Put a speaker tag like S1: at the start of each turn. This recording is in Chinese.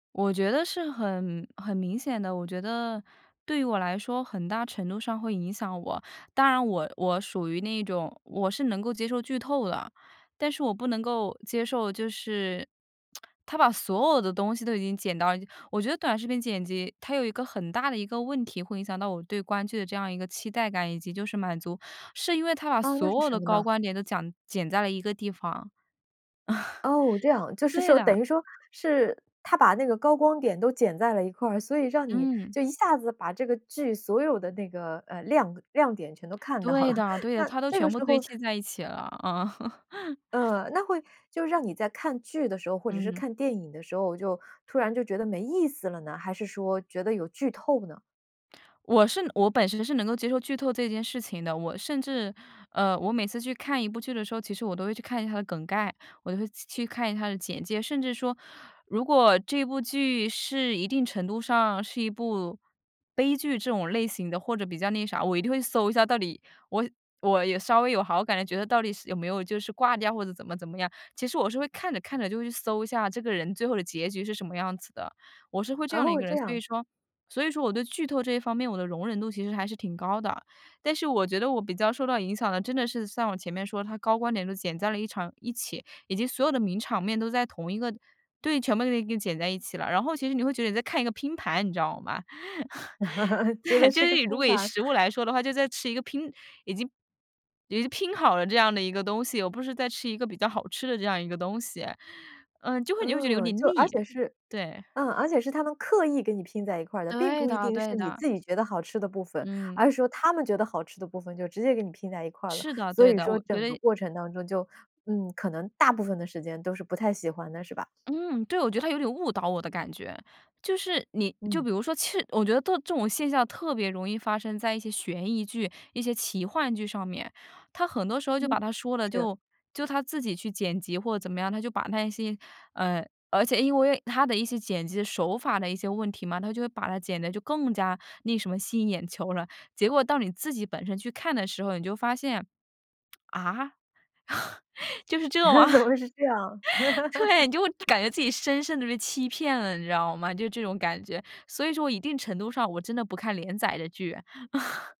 S1: 我觉得是很很明显的。我觉得，对于我来说很大程度上会影响我。当然我我属于那种我是能够接受剧透了。但是我不能够接受，就是它把所有的东西都已经剪到了我觉得短视频剪辑，它有一个很大的一个问题会影响到我对观剧的这样一个期待感以及就是满足，是因为它把
S2: 啊，那是
S1: 所有
S2: 什
S1: 的
S2: 么
S1: 高
S2: 呢？
S1: 光点都讲剪在了一个地方。
S2: 哦，这样。就 是
S1: 对
S2: 说
S1: 的。
S2: 等于说是他它把那个高光点都剪在了一块儿，所以让你
S1: 嗯。
S2: 就一下子把这个剧所有的那个，呃，亮呃，亮点全都看到
S1: 对
S2: 了。
S1: 的对的，
S2: 那，
S1: 它都
S2: 这个
S1: 全部
S2: 时
S1: 堆
S2: 候
S1: 砌在一起了，嗯。
S2: 嗯。那会就让你在看剧的时候，或者是
S1: 嗯。
S2: 看电影的时候就，突然就觉得没意思了呢？还是说觉得有剧透呢？
S1: 我是我本身是能够接受剧透这件事情的，我甚至呃，我每次去看一部剧的时候，其实我都会去看一下它的梗概，我都会去去看一下它的简介。甚至说，如果这部剧是一定程度上是一部悲剧这种类型的，或者比较那啥，我一定会搜一下，到底我我也稍微有好感的，觉得到底是有没有就是挂掉，或者怎么怎么样。其实我是会看着看着就会去搜一下这个人最后的结局是什么样子的。我是会这样的一
S2: 哦，
S1: 个人。
S2: 这
S1: 所以
S2: 样。
S1: 说所以说我对剧透这一方面，我的容忍度其实还是挺高的。但是我觉得我比较受到影响的，真的是像我前面说，它高光点都剪在了一场一起。以及所有的名场面都在同一个对，全部都给你给你剪在一起了，然后其实你会觉得你在看一个拼盘，你知道吗？
S2: 觉得
S1: 对，就
S2: 是
S1: 是
S2: 个
S1: 以如
S2: 拼
S1: 果以
S2: 盘。
S1: 食物来说的话，就在吃一个拼已经已经拼好了这样的一个东西，而不是在吃一个比较好吃的这样一个东西。嗯，就会你就会觉得有
S2: 嗯，
S1: 点
S2: 就而
S1: 腻，
S2: 且是
S1: 对。
S2: 嗯，而且是它们刻意给你拼在一块儿的，并
S1: 对
S2: 不一
S1: 的
S2: 定是
S1: 对
S2: 你
S1: 的。
S2: 自己觉得好吃的部分。
S1: 嗯。
S2: 而是说它们觉得好吃的部分就直接给你拼在一块儿了，
S1: 是的，
S2: 所
S1: 对
S2: 以
S1: 的，
S2: 说
S1: 我觉
S2: 整个
S1: 得
S2: 过程当中就嗯，可能大部分的时间都是不太喜欢的，是吧？
S1: 嗯，对，我觉得它有点误导我的感觉。就是你就
S2: 嗯。
S1: 比如说其实我觉得特这种现象特别容易发生在一些悬疑剧、一些奇幻剧上面。它很多时候就
S2: 嗯。
S1: 把它说了，
S2: 是。
S1: 就就它自己去剪辑，或者怎么样。它就把那些，嗯而且因为它的一些剪辑手法的一些问题嘛，它就会把它剪得就更加那什么，吸引眼球了。结果到你自己本身去看的时候，你就发现，啊？就是这吗？
S2: 怎么会是这样。
S1: 对，你就会感觉自己深深地被欺骗了，你知道吗？就这种感觉。所以说我一定程度上，我真的不看连载的剧。